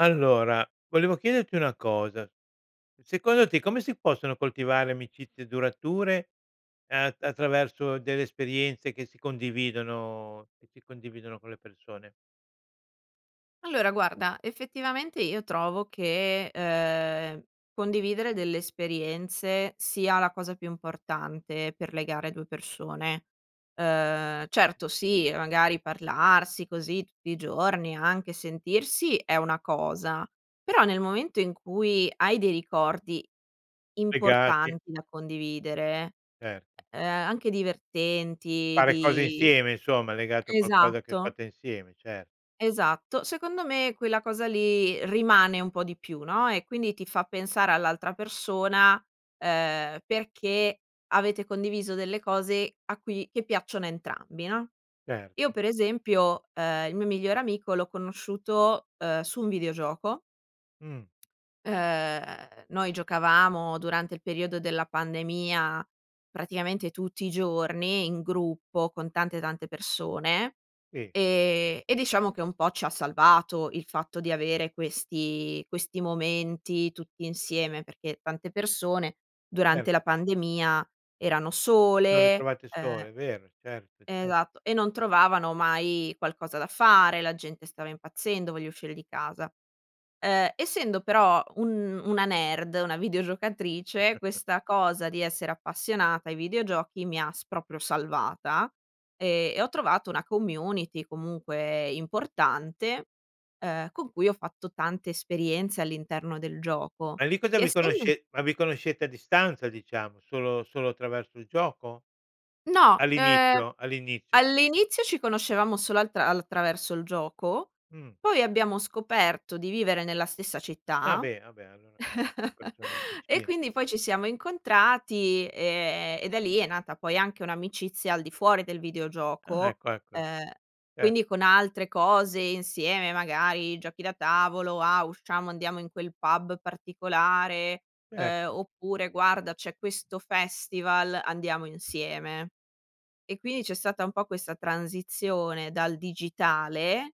Allora, volevo chiederti una cosa. Secondo te come si possono coltivare amicizie durature, ehm, attraverso delle esperienze che si condividono che si condividono con le persone? Allora, guarda effettivamente io trovo che, ehm, condividere delle esperienze sia la cosa più importante per legare 2 persone. Uhm, certo sì, magari parlarsi così tutti i giorni, anche sentirsi, è una cosa. Però, nel momento in cui hai dei ricordi Legati. importanti da condividere, Certo. ehm, anche divertenti Fare cose di insieme insomma, legato a qualcosa che esatto fate insieme, cer esatto. Secondo me quella cosa lì, rimane un po' di più, no, e quindi ti fa pensare all'altra persona, ehm, perché avete condiviso delle cose a cui che piacciono a entrambi, no, io Certo. per esempio, uhm, il mio migliore amico l'ho conosciuto, uhm, su un videogioco Mh. ehm, noi giocavamo durante il periodo della pandemia, praticamente tutti i giorni in gruppo con tante, tante persone. Sì. Ehm, e diciamo che un po' ci ha salvato il fatto di avere questi questi momenti tutti insieme, perché tante persone Cer durante la pandemia erano Si son sole, ritrovate ehm sole, vero, certo, Ehm, ce esatto, e non trovavano mai qualcosa da fare, la gente stava impazzendo: "Voglio uscire di casa". Ehm, essendo però un una nerd, una videogiocatrice, questa cosa di essere appassionata ai videogiochi mi ha s proprio salvata e e ho trovato una community comunque importante, ehm, con cui ho fatto tante esperienze all'interno del gioco. Ma lì cosa Che vi essendo conosce ma vi conoscete a distanza diciamo, solo solo attraverso il gioco? No, ehm, All'inizio all'inizio all'inizio ci conoscevamo solo al tra attraverso il gioco. Mh. Poi, abbiamo scoperto di vivere nella stessa Ah città beh, ah beh. Allora cer persone e vicine. quindi poi, ci siamo incontrati, ehm, e da lì è nata poi, anche un'amicizia al di fuori del Ah, videogioco. ecco, ecco, ecco. Uhm, Cer quindi con altre cose insieme, magari giochi da tavolo: "Ah, usciamo andiamo in quel pub particolare, uhm, Certo. oppure guarda c'è questo festival andiamo insieme." E quindi c'è stata un po' questa transizione dal digitale,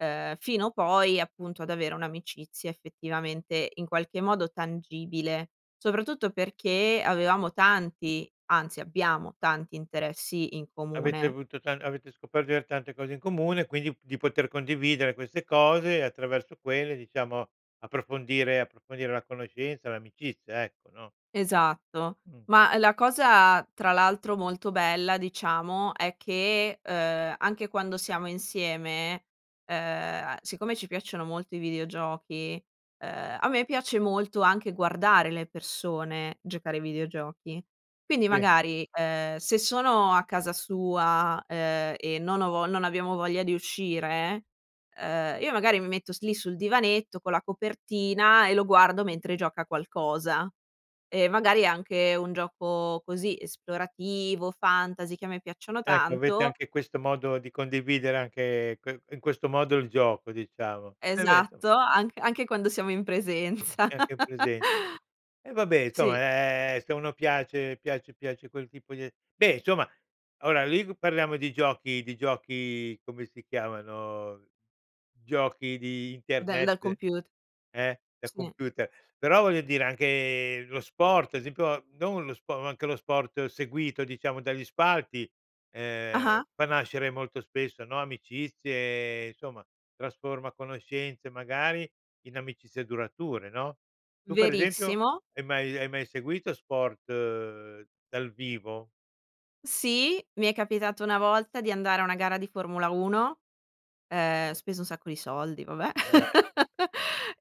uhm, fino poi appunto, ad avere un'amicizia effettivamente in qualche modo tangibile. Soprattutto perché avevamo tanti, anzi abbiamo tanti interessi in Avete comune. avuto ta avete scoperto di aver tante cose in comune, quindi di poter condividere queste cose attraverso quelle diciamo, approfondire approfondire la conoscenza, l'amicizia ecco, no? Esatto. Mh. Ma la cosa, tra l'altro, molto bella diciamo, è che, uhm, anche quando siamo insieme, uhm, siccome ci piacciono molto i videogiochi, uhm, a me piace molto anche guardare le persone giocare ai videogiochi. Quindi Sì. magari, uhm, se sono a casa sua, ehm, e non ho vo non abbiamo voglia di uscire, ehm, io magari mi metto s lì sul divanetto con la copertina e lo guardo mentre gioca a qualcosa e magari è anche un gioco così esplorativo, fantasy che a me piacciono Ecco, avete tanto anche questo modo di condividere anche que in questo modo il gioco, diciamo. E beh, insomma Esatto. An anche quando siamo in presenza. E anche in presenza. E vabbè, insomma, Sì. ehm, se a uno piace piace piace quel tipo di a beh, insomma, ora lì parliamo di giochi di giochi come si chiamano, giochi di Dal dal internet comput eh? Da Sì. computer. Però voglio dire, anche lo sport, ad esempio, non lo spo ma anche lo sport seguito diciamo dagli spalti, ehm, Ah-ah. fa nascere molto spesso, no, amicizie insomma, trasforma conoscenze magari in amicizie durature, no, tu per esempio, Verissimo. hai mai hai mai seguito sport dal vivo? Sì, mi è capitato una volta di andare a una gara di Formula 1, Eh, uhm, beh. speso un sacco di soldi, vabbè. Eh.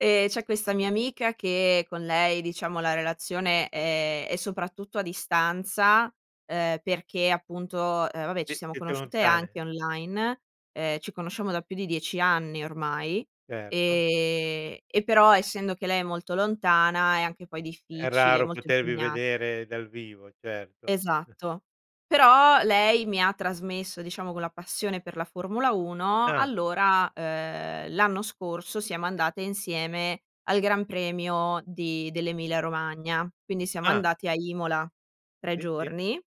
Ehm, c'è questa mia amica che con lei diciamo la relazione, ehm, è soprattutto a distanza, ehm, perché appunto, uhm, vabbè ci Eh, siamo siete conosciute lontane. anche online. Uhm, ci conosciamo da più di 10 anni ormai, Certo. ehm, e però essendo che lei è molto lontana è anche poi È difficile, raro molto potervi impegnat vedere dal vivo, certo. Esatto. Però lei mi ha trasmesso diciamo quella passione per la Formula 1. Ah. Allora, uhm, l'anno scorso siamo andate insieme al Gran Premio di dell'Emilia Romagna. Quindi siamo Ah. andati a Imola 3 Sì, sì. giorni,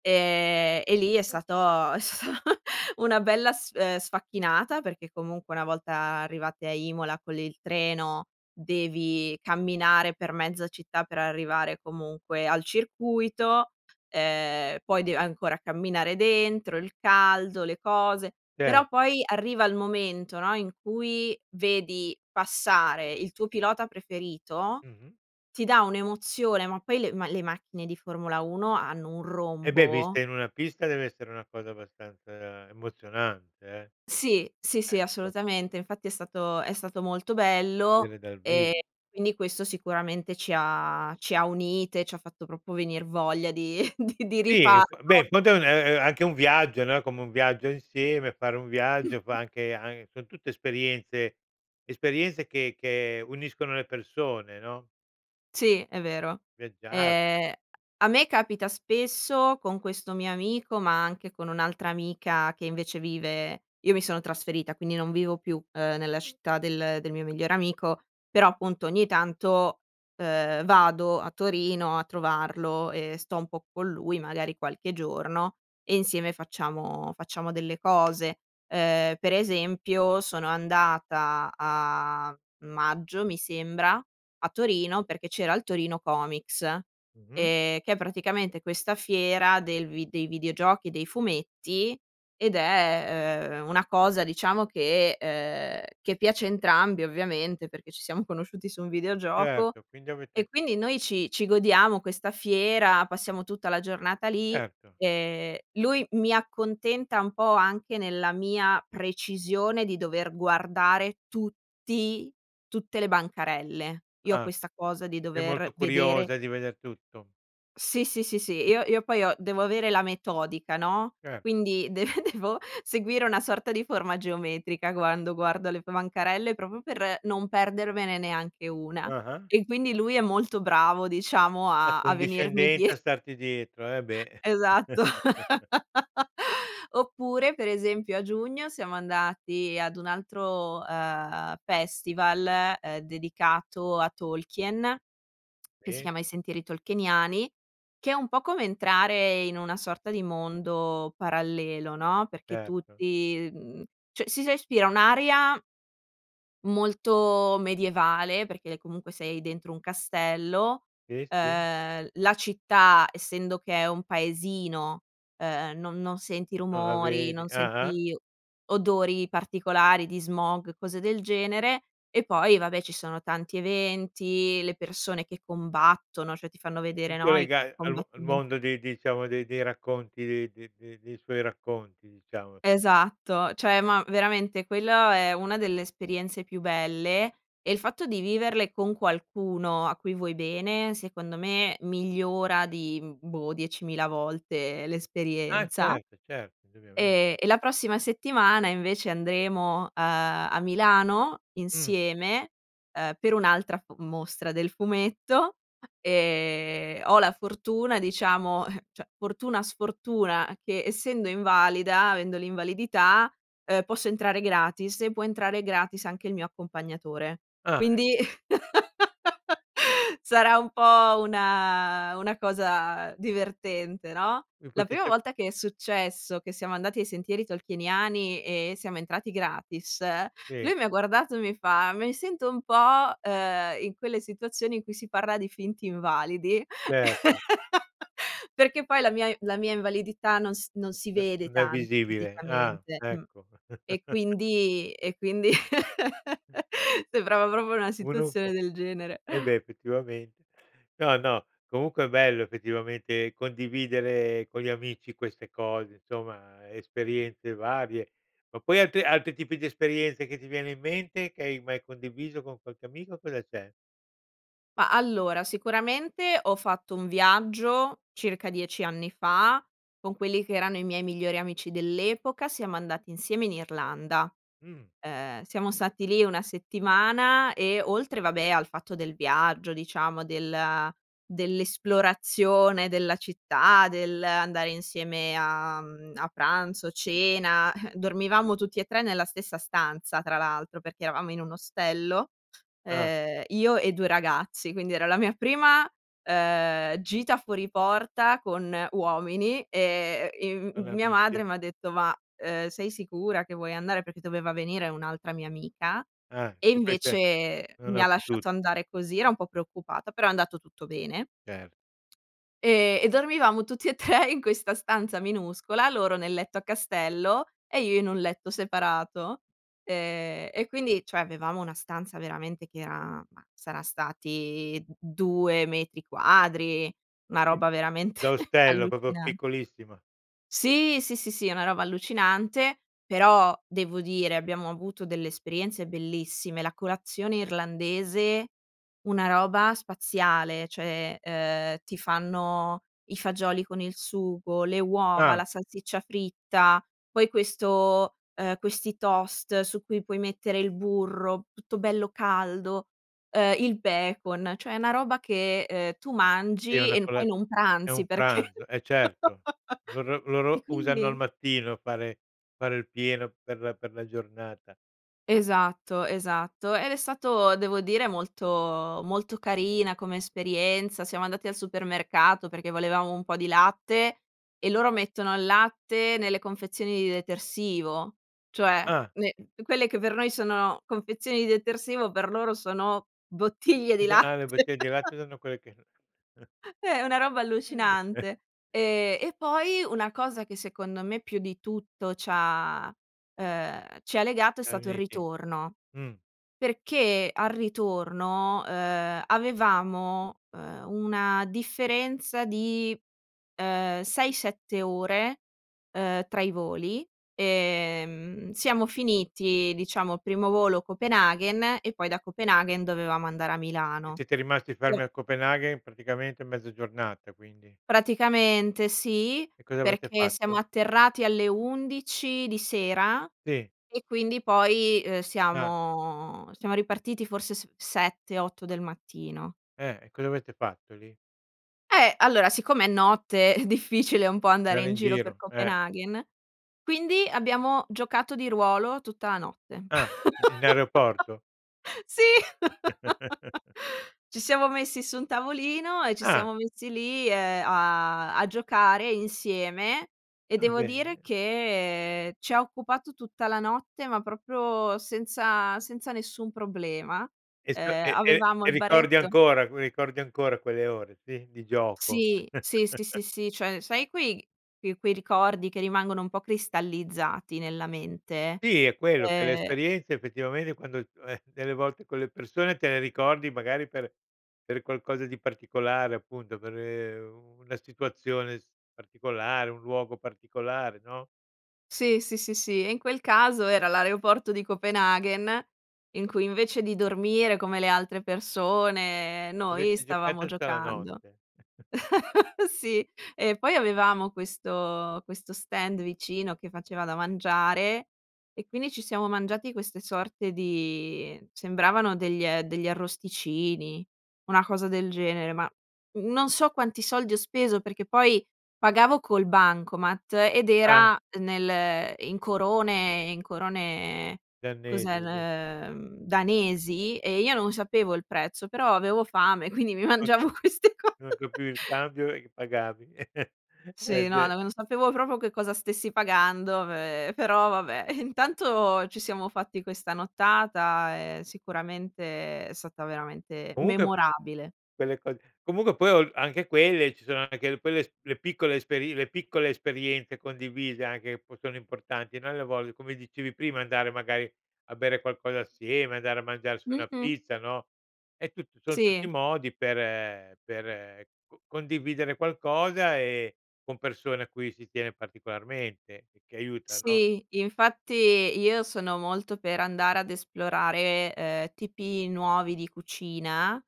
ehm, e lì è Mh. stato è stato una bella sf ehm, sfacchinata. Perché comunque una volta arrivate a Imola con il treno, devi camminare per mezza città per arrivare comunque al circuito. Ehm, poi dei ancora camminare dentro, il caldo, le cose. Però Cer poi arriva il momento, no, in cui vedi passare il tuo pilota preferito, Mh-mh. ti dà un'emozione, ma poi le ma le macchine di Formula 1 hanno un Eh beh, rombo! vista in una pista dev'essere una cosa abbastanza emozionante eh. Sì. Sì, Eh, sì, inso assolutamente. Infatti è stato è stato molto bello, Vedere dal ehm, vivo. e quindi questo sicuramente ci ha ci ha unite, ci ha fatto proprio venir voglia di di di Sì, b beh, rifarlo. in fondo, ehm, ehm, è anche un viaggio, no, è come un viaggio insieme, fare un viaggio, fa anche an son tutte esperienze esperienze che che uniscono le persone, no? Sì, è vero. Viaggiare. Ehm, a me capita spesso con questo mio amico, ma anche con un'altra amica che invece vive io mi sono trasferita, quindi non vivo più, uhm, nella città del del mio migliore amico, però appunto ogni tanto, uhm, vado a Torino a trovarlo e sto un po' con lui, magari qualche giorno, e insieme facciamo facciamo delle cose. Ehm, per esempio sono andata a maggio mi sembra, a Torino, perché c'era il Torino Comics, ehm, Mh-mh. che è praticamente questa fiera del vi dei videogiochi, dei fumetti ed è, ehm, una cosa diciamo che, ehm, che piace a entrambi ovviamente, perché ci siamo conosciuti su un videogioco. Certo, quindi avete E quindi, noi ci ci godiamo questa fiera, passiamo tutta la giornata lì. Certo. Ehm, lui mi accontenta un po' anche nella mia precisione di dover guardare tutti tutte le bancarelle. Io ho Ah. questa cosa di Sei molto dover vedere curiosa di veder tutto. Sì, sì, sì, sì. Io io poi ho devo avere la metodica, no, Cer quindi de devo seguire una sorta di forma geometrica quando guardo le bancarelle, proprio per non perdermene neanche una. Ah-ah. E quindi lui è molto bravo diciamo a a venirmi Accondiscendenza die a starti dietro. Eh, beh. Esatto. Oppure per esempio, a giugno siamo andati ad un altro, ehm, festival, ehm, dedicato a Tolkien che si Sì. chiama "I sentieri tolkieniani", che è un po' come entrare in una sorta di mondo parallelo, no, perché Certo. tutti, mhmm, cioè si respira un'aria molto medievale, perché, ehm, comunque sei dentro un castello. Sì, sì. Ehm, la città, essendo che è un paesino, ehm, non non senti Non la rumori, vedi. non Ah-ah. senti odori particolari di smog, cose del genere. E poi vabbè, ci sono tanti eventi, le persone che combattono, cioè ti fanno vedere, tutto no, i lega al vo al combattimenti mondo di diciamo dei dei racconti, dei d de de dei suoi racconti, diciamo. Esatto. Cioè, ma veramente quello è una delle esperienze più belle e il fatto di viverle con qualcuno a cui vuoi bene secondo me migliora di, mhmm, boh, 10.000 volte Ah, l'esperienza. certo, certo. Indubbiamen Ehm, e la prossima settimana invece andremo, uhm, a Milano Mh. insieme, uhm, per un'altra mostra del fumetto. Ehm, ho la fortuna diciamo, cioè, fortuna, sfortuna, che essendo invalida, avendo l'invalidità, uhm, posso entrare gratis, e può entrare gratis anche il mio accompagnatore. Ah, e Quindi sarà un po' una una cosa divertente, no? Vi La prima potete volta che è successo che siamo andati ai sentieri tolkieniani e siamo entrati gratis, Sì. lui mi ha guardato e mi fa: "Mi sento un po', uhm, in quelle situazioni in cui si parla di finti invalidi". Certo. Perché poi la mia la mia invalidità non si non si No vede non è tanto visibile. Ah, fisicamente, mh. ecco. E quindi e quindi Mh. sembrava proprio una Uno è un situazione po' del genere. eh beh, effettivamente. No, no. Comunque è bello effettivamente condividere con gli amici queste cose. Insomma esperienze varie. Ma poi, altri altri tipi di esperienze che ti viene in mente che hai mai condiviso con qualche amico, cosa c'è? Ma allora, sicuramente ho fatto un viaggio, circa 10 anni fa con quelli che erano i miei migliori amici dell'epoca. Siamo andati insieme in Irlanda. Mh. Uhm, siamo stati lì 1 settimana e oltre, vabbè, al fatto del viaggio diciamo del dell'esplorazione della città, dell'andare insieme a, mhmm, a pranzo, cena, dormivamo tutti e 3 nella stessa stanza tra l'altro, perché eravamo in un ostello. Ah. Uhm, io e 2 ragazzi. Quindi, era la mia prima, uhm, gita fuori porta con uomini e, ehm, Con le mia amiche. madre m'ha detto: "Ma, ehm, sei sicura che vuoi andare?" Perché doveva venire un'altra mia amica, Ah, e che questa invece non mi ha ha potu lasciato andare così, era un po' preoccupata. Però è andato tutto bene. Cer Ehm, e dormivamo tutti e 3 in questa stanza minuscola, loro nel letto a castello e io in un letto separato. Ehm, e quindi, cioè avevamo una stanza veramente che era, ma saran stati 2 metri quadri, una Mh, roba veramente da ostello, proprio allucinan piccolissima. Sì, sì, sì, sì. Una roba allucinante, però devo dire abbiamo avuto delle esperienze bellissime. La colazione irlandese, una roba spaziale. Cioè, ehm, ti fanno i fagioli con il sugo, le uova, Ah. la salsiccia fritta. Poi questo, ehm, questi toast su cui puoi mettere il burro tutto bello caldo, ehm, il bacon. Cioè è una roba che, ehm, tu Sì, mangi una e cola poi non è un pranzi perché pranzo. Eh, certo. Loro e loro usano al quindi mattino fare fare il pieno per per la giornata. Esatto, esatto. Ed è stato devo dire molto molto carina come esperienza, siamo andati al supermercato, perché volevamo un po' di latte e loro mettono il latte nelle confezioni di detersivo, cioè Ah. ne quelle che per noi sono confezioni di detersivo, per loro sono bottiglie di Invece ah le latte. bottiglie di latte sono quelle che Eh, è una roba E vabbè. allucinante. Ehm, e poi una cosa che secondo me più di tutto c'ha, uhm, ci ha legato è Già stato il uniti. ritorno. Mh. Perché al ritorno, uhm, avevamo, uhm, una differenza di, uhm, 6-7 ore, uhm, tra i voli. Ehm, siamo finiti, diciamo il primo volo Copenaghen e poi da Copenaghen dovevamo andare a E Milano. siete rimasti fermi Pe al Copenaghen praticamente mezza giornata quindi? Praticamente sì, E cosa avete perché siamo fatto? atterrati alle 11 di sera Sì. e quindi poi, uhm, Ah. siamo siamo ripartiti forse s 7-8 del mattino. Eh, e cosa avete fatto lì? Eh, allora siccome è notte, è difficile un po' andare Stare in in giro per giro, eh. Copenaghen, quindi abbiamo giocato di ruolo tutta la notte. Ah, in aeroporto. Sì! Ci siamo messi su un tavolino e ci Ah. siamo messi lì, ehm, a a giocare insieme. E Ah, devo dire bene. che ci ha occupato tutta la notte, ma proprio senza senza nessun problema. E sc Uhm, e e avevamo e il ricordi baretto ancora qui ricordi ancora quelle ore, sì, di gioco? Sì. Sì, sì, sì, sì. Cioè, sai quei quei quei ricordi che rimangono un po' cristallizzati nella mente? Sì, è quello, che le Ehm esperienze effettivamente quando, eh, delle volte con le persone te ne ricordi magari per per qualcosa di particolare appunto, per, ehm, una situazione s particolare, un luogo particolare, no? Sì, sì, sì, sì. E in quel caso era l'aereoporto di Copenaghen in cui invece di dormire come le altre persone, noi Avete stavamo giocato tutta la giocando. notte. Sì. E poi avevamo questo questo stand vicino che faceva da mangiare e quindi ci siamo mangiati queste sorte di sembravano degl degli arrosticini, una cosa del genere. Ma, mhmm, non so quanti soldi ho speso, perché poi pagavo col bancomat ed Ah. era nel in corone in corone Gli cos'è, arnesi, lì. ehm, danesi. E io non sapevo il prezzo, però avevo fame, quindi mi Ho mangiavo capi queste co non capivi il cambio e pagavi. Eh, Sì, no. N beh. non sapevo proprio che cosa stessi pagando, ehm, però vabbè. Intanto ci siamo fatti questa nottata, ehm, sicuramente è stata veramente Comunque memorabile. quelle cose comunque poi o anche quelle ci sono anche le quelle s le piccole esperi le piccole esperienze condivise anche, che poi sono importanti, no, alle volte come dicevi prima: andare magari a bere qualcosa assieme, andare a mangiarsi una Mh-mh. pizza, no, è tutto son tutti Sì. modi per per c condividere qualcosa, ehm, con persone a cui si tiene particolarmente e che aiuta, no? Sì, infatti io sono molto per andare ad esplorare, uhm, tipi nuovi di cucina,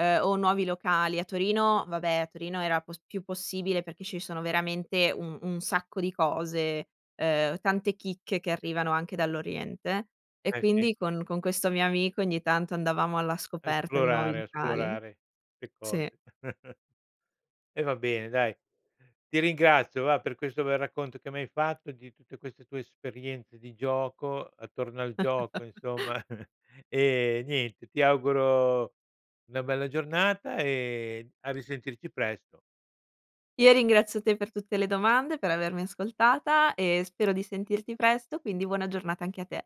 uhm, o nuovi locali. A Torino, vabbè a Torino era p più possibile, perché ci sono veramente un un sacco di cose, uhm, tante chicche che arrivano anche dall'oriente. E Eh, sì. quindi, con con questo mio amico ogni tanto andavamo alla A scoperta di nuovi esplorare, locali. esplorare le Sì. cose. E va bene dai. Ti ringrazio va, per questo bel racconto che mi hai fatto di tutte queste tue esperienze di gioco, attorno al gioco insomma. Ehm, niente, ti auguro una bella giornata e a risentirci presto. Io ringrazio te per tutte le domande, per avermi ascoltata e spero di sentirti presto, quindi buona giornata anche a te.